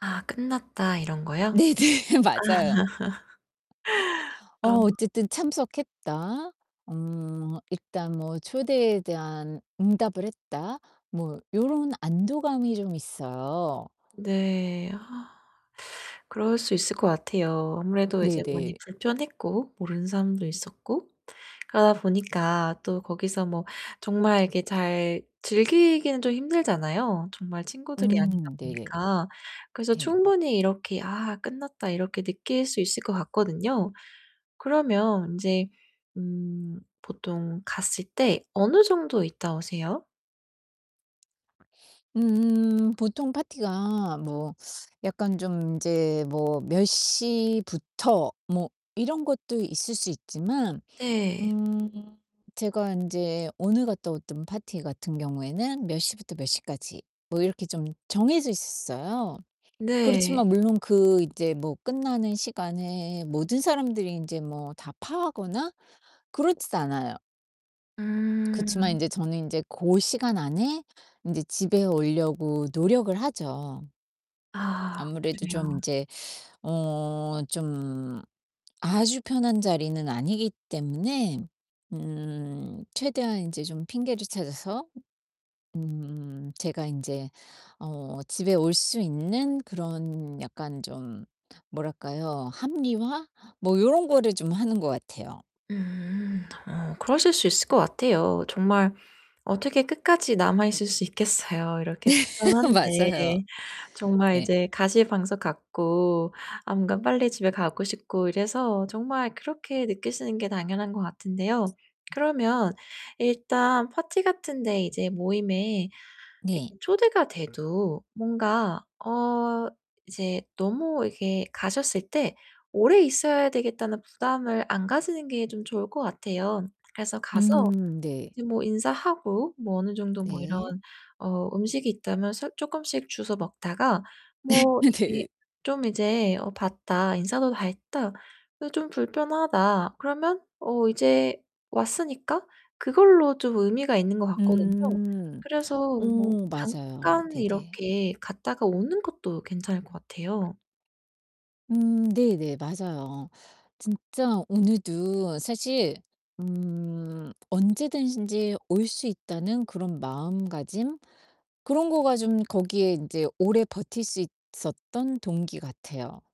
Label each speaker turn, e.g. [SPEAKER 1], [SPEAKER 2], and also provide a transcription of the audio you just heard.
[SPEAKER 1] '아 끝났다.' 이런 거요?
[SPEAKER 2] 네네. 맞아요. 어
[SPEAKER 1] 아.
[SPEAKER 2] '어쨌든 참석했다. 음 일단 뭐 초대에 대한 응답을 했다.' 뭐 요런 안도감이 좀 있어요.
[SPEAKER 1] 네. 아. 그럴 수 있을 것 같아요. 아무래도 이제 많이
[SPEAKER 2] 네네.
[SPEAKER 1] 불편했고 모르는 사람도 있었고 그러다 보니까 또 거기서 뭐 정말 이렇게 잘 즐기기는 좀 힘들잖아요, 정말 친구들이 아니다
[SPEAKER 2] 음. 네네.
[SPEAKER 1] 보니까. 그래서
[SPEAKER 2] 네.
[SPEAKER 1] 충분히 이렇게 '아 끝났다.' 이렇게 느낄 수 있을 것 같거든요. 그러면 인제 음 보통 갔을 때 어느 정도 있다 오세요?
[SPEAKER 2] 음. 보통 파티가 뭐 약간 좀 인제 뭐 '몇 시부터.' 뭐 이런 것도 있을 수 있지만
[SPEAKER 1] 네.
[SPEAKER 2] 음 제가 인제 오늘 갔다왔던 파티 같은 경우에는 '몇 시부터 몇 시까지.' 뭐 이렇게 좀 정해져 있었어요.
[SPEAKER 1] 네.
[SPEAKER 2] 그렇지만 물론 그 인제 뭐 끝나는 시간에 모든 사람들이 인제 뭐 다 파하거나 그렇지도 않아요. 그치만
[SPEAKER 1] 음.
[SPEAKER 2] 인제 저는 인제 고 시간 안에 인제 집에 오려고 노력을 하죠.
[SPEAKER 1] 아.
[SPEAKER 2] 아무래도 좀
[SPEAKER 1] 그래요.
[SPEAKER 2] 인제 어 좀 아주 편한 자리는 아니기 때문에 음 최대한 인제 좀 핑계를 찾아서 음 제가 인제 어 집에 올 수 있는 그런 약간 좀 뭐랄까요? 합리화? 뭐 요런 거를 좀 하는 것 같아요.
[SPEAKER 1] 음. 어 그러실 수 있을 것 같아요. 정말 어떻게 끝까지 남아 있을 수 있겠어요, 이렇게 불편한데.
[SPEAKER 2] 맞아요.
[SPEAKER 1] 정말
[SPEAKER 2] 네.
[SPEAKER 1] 이제 가시방석 같고 아 뭔가 빨리 집에 가고 싶고 이래서 정말 그렇게 느끼시는 게 당연한 것 같은데요. 그러면 일단 파티 같은 데 이제 모임에 이렇게
[SPEAKER 2] 네.
[SPEAKER 1] 초대가 돼도 뭔가 어 이제 너무 이렇게 가셨을 때 오래 있어야 되겠다는 부담을 안 가지는 게 좀 좋을 것 같아요. 그래서 가서
[SPEAKER 2] 음. 네.
[SPEAKER 1] 이제 뭐 인사하고 뭐 어느 정도 뭐 이런
[SPEAKER 2] 네.
[SPEAKER 1] 어 음식이 있다면 서 쪼끔씩 주워 먹다가 뭐 이게
[SPEAKER 2] 네.
[SPEAKER 1] 좀 이제 '어 봤다. 인사도 다 했다. 이 좀 불편하다.' 그러면 어 이제 왔으니까 그걸로 좀 의미가 있는 것 같거든요.
[SPEAKER 2] 음.
[SPEAKER 1] 그래서 뭐
[SPEAKER 2] 오 맞아요.
[SPEAKER 1] 잠깐
[SPEAKER 2] 네네.
[SPEAKER 1] 이렇게 갔다가 오는 것도 괜찮을 것 같아요.
[SPEAKER 2] 음. 네네. 맞아요. 진짜 오늘도 사실 음 언제든지 올 수 있다는 그런 마음가짐? 그런 거가 좀 거기에 인제 오래 버틸 수 있었던 동기 같아요.